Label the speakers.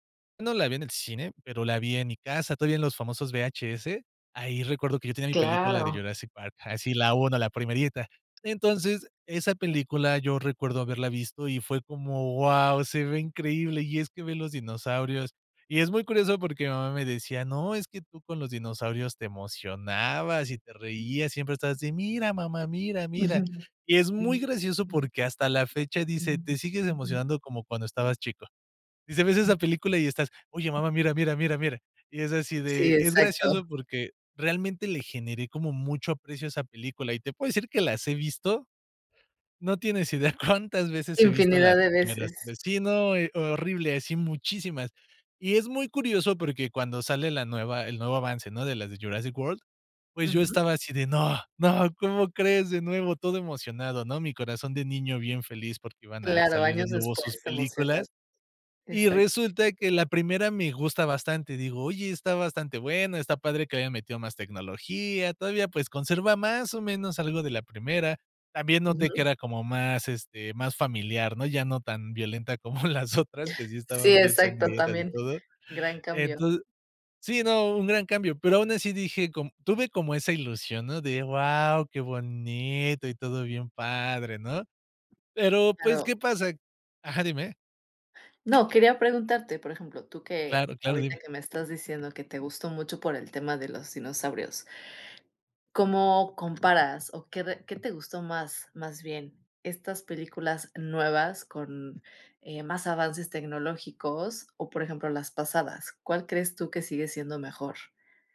Speaker 1: No la vi en el cine, pero la vi en mi casa, todavía en los famosos VHS. Ahí recuerdo que yo tenía mi película de
Speaker 2: Claro.
Speaker 1: "Jurassic Park", así la 1. la primerita. Entonces, esa película yo recuerdo haberla visto y fue como: wao, se ve increíble. Y es que ver los dinosaurios Y es muy curioso porque mi mamá me decía: "No, es que tú con los dinosaurios te emocionabas y te reías. Siempre estabas así: 'Mira, mamá, mira, mira'".
Speaker 2: Ujú.
Speaker 1: Y es muy gracioso porque hasta la fecha dice: "Te sigues emocionando como cuando estabas chico". Dice: "Ves esa película y estás: 'Oye, mamá, mira, mira, mira, mira'". Y es así
Speaker 2: Sí,
Speaker 1: de Es
Speaker 2: exacto.
Speaker 1: gracioso porque realmente le generé como mucho aprecio a esa película y te puedo decir que las he visto, no tienes idea cuántas veces he visto
Speaker 2: Infinidad
Speaker 1: las
Speaker 2: de
Speaker 1: primeras
Speaker 2: veces.
Speaker 1: 3 Sí, no, eh, horrible, así muchísimas. Y es muy curioso porque cuando sale la nueva, el nuevo avance, ¿no?, de las de "Jurassic World", pues yo
Speaker 2: Ujú.
Speaker 1: estaba así de, no, no, ¿cómo crees? De nuevo, todo emocionado, ¿no? Mi corazón de niño bien feliz porque iban a
Speaker 2: Claro,
Speaker 1: salir de
Speaker 2: años
Speaker 1: nuevo sus
Speaker 2: después te emocionas.
Speaker 1: películas. Y
Speaker 2: Exacto.
Speaker 1: resulta que la primera me gusta bastante. Digo: "Oye, está bastante buena, está padre que haya metido más tecnología, todavía pues conserva más o menos algo de la primera". También noté que
Speaker 2: Ujú.
Speaker 1: era como más, este, más familiar, ¿no? Ya no tan violenta como las otras, que sí estaban
Speaker 2: Sí,
Speaker 1: bien
Speaker 2: exacto,
Speaker 1: sangrientas y
Speaker 2: también,
Speaker 1: todo.
Speaker 2: gran cambio.
Speaker 1: Enton Sí, no, un gran cambio, pero aun así dije com tuve como esa ilusión, ¿no?, de, guau, qué bonito y todo bien padre, ¿no? Pero pues,
Speaker 2: Claro.
Speaker 1: ¿qué pasa? Ajá, dime.
Speaker 2: No, quería preguntarte, por ejemplo, tú que
Speaker 1: Claro, claro,
Speaker 2: Ahorita
Speaker 1: dime.
Speaker 2: que me estás diciendo que te gustó mucho por el tema de los dinosaurios. ¿Cómo comparas o qué re? ¿Qué te gustó más?, más bien. ¿Estas películas nuevas con, eh, más avances tecnológicos o por ejemplo, las pasadas? ¿Cuál crees tú que sigue siendo mejor?